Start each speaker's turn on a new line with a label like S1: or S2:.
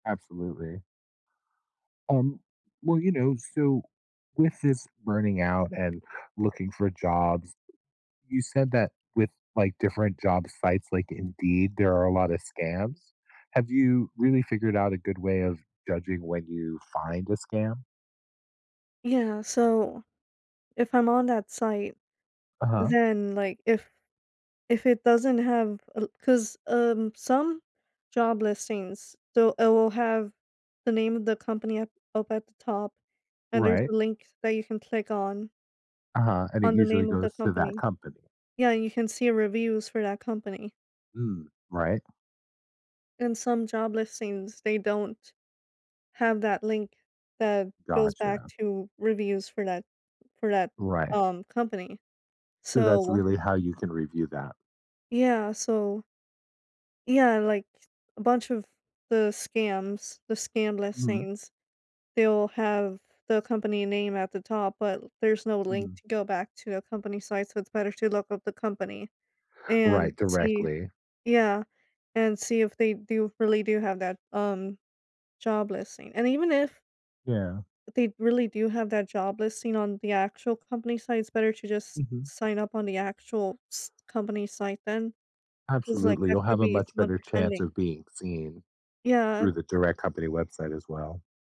S1: Absolutely. Um, well, you know, so with this burning out and looking for jobs, you said that with, like, different job sites like Indeed, there are a lotta scams. Have you really figured out a good way of judging when you find a scam?
S2: Yeah. So, if I'm on that site,
S1: Uh-huh.
S2: then, like, if if it doesn't have a l 'cause, um, some job listings so it will have the name of the company up up at the top and there's
S1: Right.
S2: a link that you can click on
S1: Uh-huh. And it
S2: on the
S1: usually
S2: name of the
S1: goes to that
S2: company.
S1: company.
S2: Yeah, you can see reviews for that company.
S1: Mm, right?
S2: And some job listings, they don't have that link that goes back
S1: Gotcha.
S2: to reviews for that for that,
S1: Right.
S2: um, company.
S1: So, that's
S2: So
S1: really how you can review that.
S2: Yeah, so Yeah, like a bunch of the scams, the scam
S1: Mhm.
S2: listings, they'll have the company name at the top but there's no link
S1: Mhm.
S2: to go back to a company site so it's better to look up the company and
S1: Right.
S2: see
S1: Directly.
S2: Yeah, and see if they do really do have that, um, job listing. And even if
S1: Yeah.
S2: they really do have that job listing on the actual company site, it's better to just
S1: Mhm.
S2: sign up on the actual s company site, then. 'Cause like
S1: Absolutely.
S2: that
S1: You'll have
S2: could
S1: a
S2: be
S1: much
S2: someone
S1: better chance
S2: pretending.
S1: of being seen
S2: Yeah.
S1: through the direct company website as well.